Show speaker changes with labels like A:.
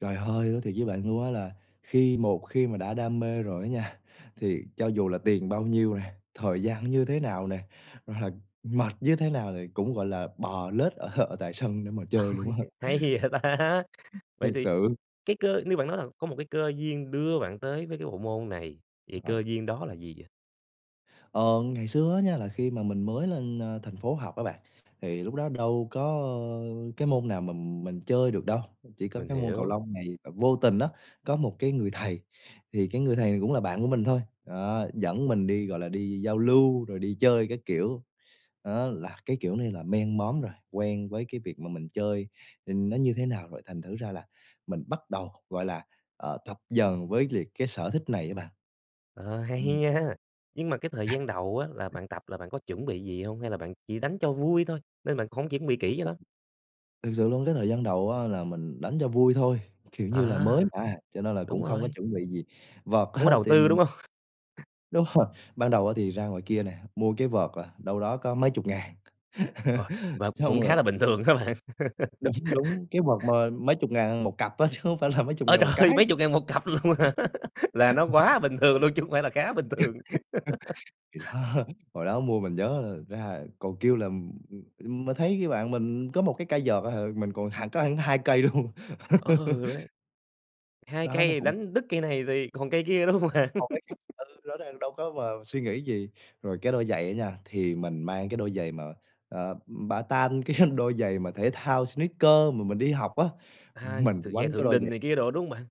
A: Trời ơi! Nói thiệt với bạn luôn á là khi một khi mà đã đam mê rồi á nha, thì cho dù là tiền bao nhiêu nè, thời gian như thế nào nè, hoặc là mệt như thế nào thì cũng, gọi là, bò lết ở ở tại sân để mà
B: Ôi,
A: chơi luôn á.
B: hay vậy ta! Vậy
A: Thiệt
B: thì
A: sự.
B: cái cơ nếu bạn nói là có một cái cơ duyên đưa bạn tới với cái bộ môn này, thì cơ
A: [unintelligible]
B: duyên đó là gì vậy?
A: Ờ, ngày xưa á nha, là khi mà mình mới lên, a, thành phố học á bạn, thì lúc đó đâu có, ờ, cái môn nào mà mình chơi được đâu, chỉ có
B: Mình
A: cái môn cầu
B: hiểu.
A: lông này và vô tình á, có một cái người thầy, thì cái người thầy cũng là bạn của mình thôi, ờ, dẫn mình đi, gọi là, đi giao lưu, rồi đi chơi các kiểu. Đó, là cái kiểu này là men món rồi, quen với cái việc mà mình chơi, ừm, nó như thế nào rồi thành thử ra là mình bắt đầu, gọi là, ờ, tập dần quyết liệt cái sở thích này á bạn.
B: Ờ, hay
A: Ừm.
B: nha! Nhưng mà cái thời gian đầu á là bạn tập là bạn có chuẩn bị gì hông hay là bạn chỉ đánh cho vui thôi, nên bạn hổng chuẩn bị kỹ cho lắm?
A: Thực sự luôn cái thời gian đầu á là mình đánh cho vui thôi, kiểu như là mới
B: À!
A: mà, cho nên là
B: Đúng
A: cũng không có
B: rồi.
A: chuẩn bị gì. Vợt
B: Không có
A: á
B: đầu
A: thì
B: tư,
A: mình
B: đúng hông?
A: Đúng rồi, ban đầu á thì ra ngoài kia nè, mua cái vợt là đâu đó có mấy chục ngàn.
B: Rồi, vợt
A: Xong
B: cũng khá
A: rồi
B: là bình thường hả bạn?
A: Đúng, đúng, cái vợt mà mấy chục ngàn 1 cặp á chứ không phải là mấy chục
B: Ôi
A: ngàn
B: trời
A: 1
B: ơi,
A: cái.
B: mấy
A: [unintelligible]
B: chục ngàn 1 cặp luôn hả? Là nó quá bình thường luôn chứ không phải là khá bình thường.
A: [unintelligible] Thì đó, hồi đó mua mình nhớ ra còn kêu là, ừm, ừm, mà thấy cái bạn mình có 1 cái cây vợt à hà, mình còn hẳn có hẳn 2 cây luôn.
B: Ừ đấy. 2
A: Đó là
B: cây
A: cũng
B: đánh đứt cây này thì còn cây kia, đúng không bạn?
A: Một cái khác ừ, rõ ràng đâu có vào suy nghĩ gì. Rồi cái đôi giày á nha, thì mình mang cái đôi giày mà, ờ, ừm, bata, cái đôi giày mà thể thao sneaker mà mình đi học á.
B: À,
A: Mình
B: s
A: quánh
B: giày
A: cái
B: Thượng
A: đôi giày
B: Đình này kia đồ, đúng hông bạn?